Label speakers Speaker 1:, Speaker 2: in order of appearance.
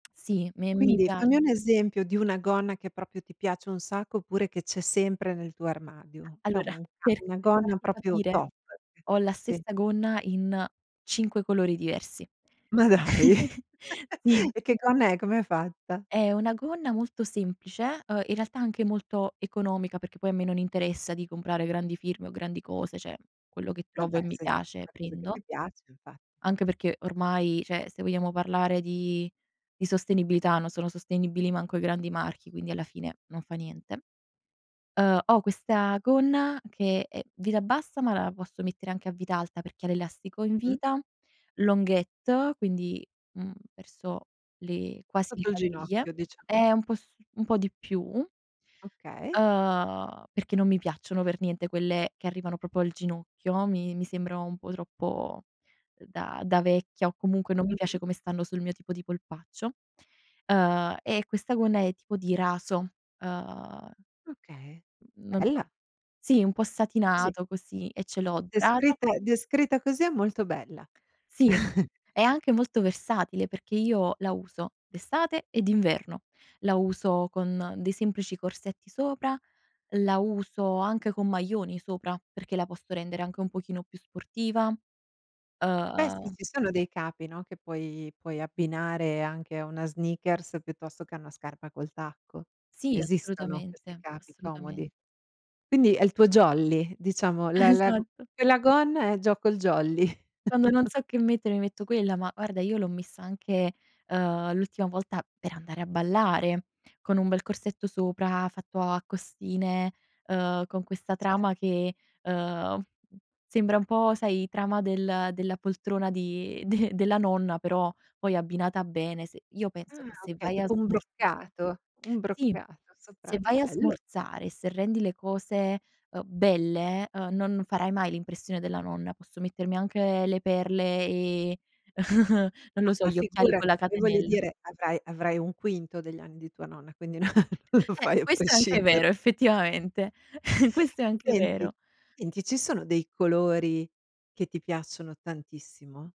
Speaker 1: Sì, me mi
Speaker 2: Quindi
Speaker 1: piac
Speaker 2: fammi un esempio di una gonna che proprio ti piace un sacco oppure che c'è sempre nel tuo armadio. Cioè
Speaker 1: Allora,
Speaker 2: un ca
Speaker 1: per
Speaker 2: una
Speaker 1: per
Speaker 2: gonna
Speaker 1: farti
Speaker 2: proprio
Speaker 1: capire,
Speaker 2: top eh,
Speaker 1: ho la
Speaker 2: sì.
Speaker 1: stessa gonna in 5 colori diversi.
Speaker 2: Ma dai!
Speaker 1: Sì.
Speaker 2: E che gonna è? Com'è fatta?
Speaker 1: È una gonna molto semplice, uhm, in realtà anche molto economica perché poi a me non interessa di comprare grandi firme o grandi cose, cioè quello che trovo
Speaker 2: Vabbè,
Speaker 1: e mi
Speaker 2: se è
Speaker 1: piace
Speaker 2: una cosa che
Speaker 1: prendo.
Speaker 2: ti piace, infatt
Speaker 1: Anche perché ormai cioè se vogliamo parlare di di sostenibilità non sono sostenibili manco i grandi marchi, quindi alla fine non fa niente. Ehm, ho questa gonna che è vita bassa, ma la posso mettere anche a vita alta perché ha l'elastico in
Speaker 2: Mh.
Speaker 1: vita, longuette, quindi, mhmm, verso le quasi le
Speaker 2: Sotto il
Speaker 1: caviglie.
Speaker 2: ginocchio diciamo.
Speaker 1: È un po' su un po' di più.
Speaker 2: Okay.
Speaker 1: Uhm, perché non mi piacciono per niente quelle che arrivano proprio al ginocchio, mi mi sembra un po' troppo, ehm, da da vecchia o comunque non mi piace
Speaker 2: Mh-mh.
Speaker 1: come stanno sul mio tipo di polpaccio. Ehm, e questa gonna è tipo di raso, ehm,
Speaker 2: Okay,
Speaker 1: mhmm, non so
Speaker 2: bella!
Speaker 1: sì, po'
Speaker 2: Sì.
Speaker 1: satinato così e ce l'ho dorata.
Speaker 2: Descritta descritta così è molto bella.
Speaker 1: Sì, è anche molto versatile perché io la uso d'estate e d'inverno. La uso con dei semplici corsetti sopra, la uso anche con maglioni sopra perché la posso rendere anche un pochino più sportiva,
Speaker 2: Beh sì,
Speaker 1: uhm
Speaker 2: ci sono dei capi, no, che puoi puoi abbinare anche a una sneakers piuttosto che a una scarpa col tacco.
Speaker 1: Sì,
Speaker 2: Esistono questi
Speaker 1: assolutamente,
Speaker 2: capi comodi.
Speaker 1: assolutamen
Speaker 2: Quindi è il tuo jolly, diciamo, la la go
Speaker 1: Esatto.
Speaker 2: quella gonna e gioco il jolly.
Speaker 1: Quando non so che mettere mi metto quella, ma guarda io l'ho messa anche, ehm, l'ultima volta per andare a ballare con un bel corsetto sopra fatto a costine, ehm, con questa
Speaker 2: Cer
Speaker 1: trama che, ehm, sembra un po' sai trama del della poltrona di de della nonna, però poi abbinata bene, se io penso
Speaker 2: Ah
Speaker 1: che se
Speaker 2: okay.
Speaker 1: vai a
Speaker 2: Tipo un
Speaker 1: smorzare
Speaker 2: broccato, un
Speaker 1: sì,
Speaker 2: broccato, sopra
Speaker 1: se vai a
Speaker 2: bello.
Speaker 1: smorzare e se rendi le cose, ehm, belle, ehm, non farai mai l'impressione della nonna. Posso mettermi anche le perle, ehm, non
Speaker 2: No
Speaker 1: lo so,
Speaker 2: ma
Speaker 1: gli occhiali con la
Speaker 2: figurati, poi voglio
Speaker 1: catenella.
Speaker 2: dire avrai avrai 1/5 degli anni di tua nonna, quindi no non lo
Speaker 1: Eh,
Speaker 2: fai a
Speaker 1: questo è anche
Speaker 2: prescindere.
Speaker 1: vero effettivamente, questo è anche
Speaker 2: Senti
Speaker 1: vero.
Speaker 2: senti, ci sono dei colori che ti piacciono tantissimo?